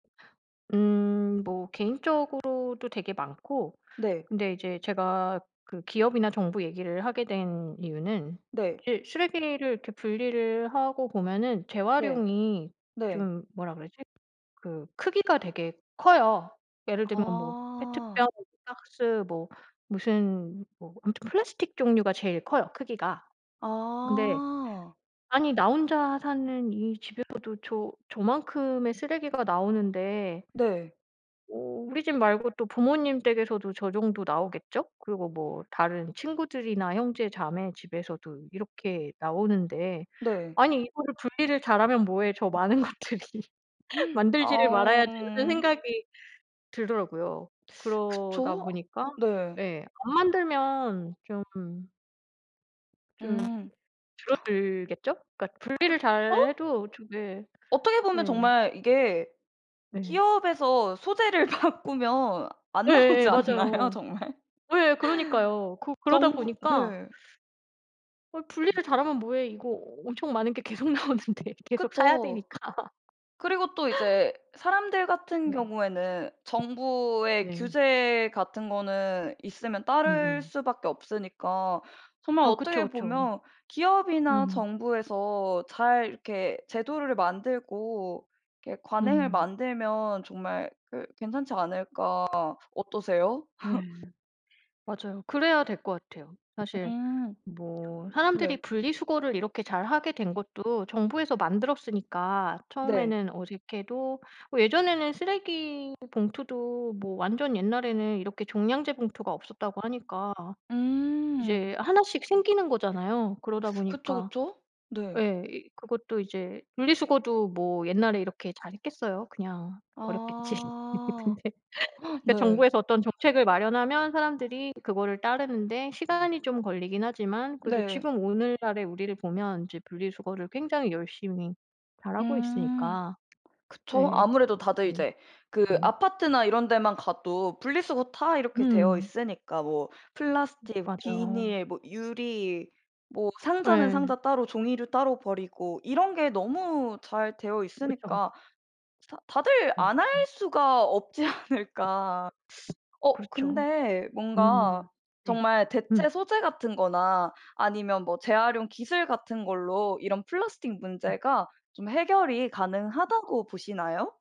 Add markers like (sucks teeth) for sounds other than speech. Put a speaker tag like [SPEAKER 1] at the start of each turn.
[SPEAKER 1] 음. 뭐 개인적으로도 되게 많고
[SPEAKER 2] 네.
[SPEAKER 1] 근데 이제 제가 그 기업이나 정부 얘기를 하게 된 이유는
[SPEAKER 2] 네.
[SPEAKER 1] 이제 쓰레기를 이렇게 분리를 하고 보면은
[SPEAKER 2] 네.
[SPEAKER 1] 재활용이
[SPEAKER 2] 네.
[SPEAKER 1] 좀 뭐라 그러지? 그 크기가 되게 커요. 예를 들면 뭐
[SPEAKER 2] 아.
[SPEAKER 1] 페트병, 박스, 뭐 무슨 뭐 아무튼 플라스틱 종류가 제일 커요, 크기가. 근데
[SPEAKER 2] 아.
[SPEAKER 1] 아니 나 혼자 사는 이 집에서도 저 저 저만큼의 쓰레기가 나오는데
[SPEAKER 2] 네.
[SPEAKER 1] 어 우리 집 말고 또 부모님 댁에서도 저 정도 나오겠죠? 그리고 뭐 다른 친구들이나 형제 자매 집에서도 이렇게 나오는데,
[SPEAKER 2] 네.
[SPEAKER 1] '아니 이거를 분리를 잘하면 뭐해. 저 많은 것들이 (laughs)
[SPEAKER 2] (gasps)
[SPEAKER 1] 만들지를
[SPEAKER 2] 아우
[SPEAKER 1] 말아야지.' 하는
[SPEAKER 2] 음.
[SPEAKER 1] 생각이 들더라고요.
[SPEAKER 2] (sucks teeth)
[SPEAKER 1] 그러다
[SPEAKER 2] 그쵸?
[SPEAKER 1] 보니까
[SPEAKER 2] 네.
[SPEAKER 1] 예, 안 만들면 좀 좀
[SPEAKER 2] 음. (inhales)
[SPEAKER 1] 줄어들겠죠? 그러니까 분리를 잘
[SPEAKER 2] 그쵸?
[SPEAKER 1] 해도 좀 예.
[SPEAKER 2] 어떻게 보면
[SPEAKER 1] 네.
[SPEAKER 2] 정말 이게
[SPEAKER 1] 네.
[SPEAKER 2] 기업에서 소재를 바꾸면 안 나오지
[SPEAKER 1] 예예예,
[SPEAKER 2] 않나요?
[SPEAKER 1] 맞아요.
[SPEAKER 2] 정말?
[SPEAKER 1] 예예, 그러니까요. 그
[SPEAKER 2] (laughs)
[SPEAKER 1] 그러다
[SPEAKER 2] 정부
[SPEAKER 1] 보니까 (sucks teeth)
[SPEAKER 2] 네.
[SPEAKER 1] '어 분리를 잘하면 뭐해? 이거 엄청 많은 게 계속 나오는데?' 계속 사야
[SPEAKER 2] 그쵸.
[SPEAKER 1] 되니까.
[SPEAKER 2] 그리고 또
[SPEAKER 1] (laughs)
[SPEAKER 2] 이제 사람들 같은
[SPEAKER 1] 네.
[SPEAKER 2] 경우에는 정부의
[SPEAKER 1] 네.
[SPEAKER 2] 규제 같은 거는 있으면 따를
[SPEAKER 1] 음음.
[SPEAKER 2] 수밖에 없으니까 정말
[SPEAKER 1] 아 그쵸,
[SPEAKER 2] 어떻게
[SPEAKER 1] 그쵸.
[SPEAKER 2] 보면 '기업이나
[SPEAKER 1] 음.
[SPEAKER 2] 정부에서 잘 이렇게 제도를 만들고 이렇게 관행을
[SPEAKER 1] 음.
[SPEAKER 2] 만들면 정말 그 괜찮지 않을까.' 어떠세요?
[SPEAKER 1] 네.
[SPEAKER 2] (laughs)
[SPEAKER 1] 맞아요. 그래야 될 것 같아요. 사실
[SPEAKER 2] 음.
[SPEAKER 1] 뭐
[SPEAKER 2] 네.
[SPEAKER 1] 사람들이 분리수거를 이렇게 잘하게 된 것도 정부에서 만들었으니까
[SPEAKER 2] 네.
[SPEAKER 1] 처음에는 어색해도 뭐 예전에는 쓰레기 봉투도 뭐 완전 옛날에는 이렇게 종량제 봉투가 없었다고 하니까
[SPEAKER 2] 음.
[SPEAKER 1] 이제 하나씩 생기는 거잖아요. 그러다
[SPEAKER 2] (sucks teeth) 그쵸,
[SPEAKER 1] 보니까
[SPEAKER 2] 그쵸. 네.
[SPEAKER 1] 예, 이 그것도 이제 분리수거도 뭐 옛날에 이렇게 잘 했겠어요? 그냥 버렸겠지.
[SPEAKER 2] 아.
[SPEAKER 1] 근데 (laughs)
[SPEAKER 2] (gasps)
[SPEAKER 1] 그러니까
[SPEAKER 2] 네.
[SPEAKER 1] 정부에서 어떤 정책을 마련하면 사람들이 그거를 따르는 데 시간이 좀 걸리긴 하지만 그래도
[SPEAKER 2] 네.
[SPEAKER 1] 지금 오늘날의 우리를 보면 이제 분리수거를 굉장히 열심히 잘하고
[SPEAKER 2] 음.
[SPEAKER 1] 있으니까.
[SPEAKER 2] 그쵸.
[SPEAKER 1] 예.
[SPEAKER 2] 아무래도 다들
[SPEAKER 1] 그것도
[SPEAKER 2] 이제 그
[SPEAKER 1] 음.
[SPEAKER 2] 아파트나 이런 데만 가도 분리수거 다 이렇게 되어
[SPEAKER 1] 음.
[SPEAKER 2] 있으니까 뭐
[SPEAKER 1] 음.
[SPEAKER 2] 플라스틱,
[SPEAKER 1] 맞아요.
[SPEAKER 2] 비닐, 뭐 유리 뭐 상자는
[SPEAKER 1] 예.
[SPEAKER 2] 상자 따로 종이류 따로 버리고 이런 게 너무 잘 되어
[SPEAKER 1] 그쵸.
[SPEAKER 2] 있으니까 스 다 '다들
[SPEAKER 1] 네
[SPEAKER 2] 안 할
[SPEAKER 1] 그쵸.
[SPEAKER 2] 수가 없지 않을까.' (sucks teeth) 어
[SPEAKER 1] 그렇죠.
[SPEAKER 2] 근데 뭔가
[SPEAKER 1] 음. 네.
[SPEAKER 2] 정말
[SPEAKER 1] 음.
[SPEAKER 2] 대체 소재 같은 거나 아니면 뭐 재활용 기술 같은 걸로 이런 플라스틱
[SPEAKER 1] 네.
[SPEAKER 2] 문제가 좀 해결이 가능하다고 보시나요?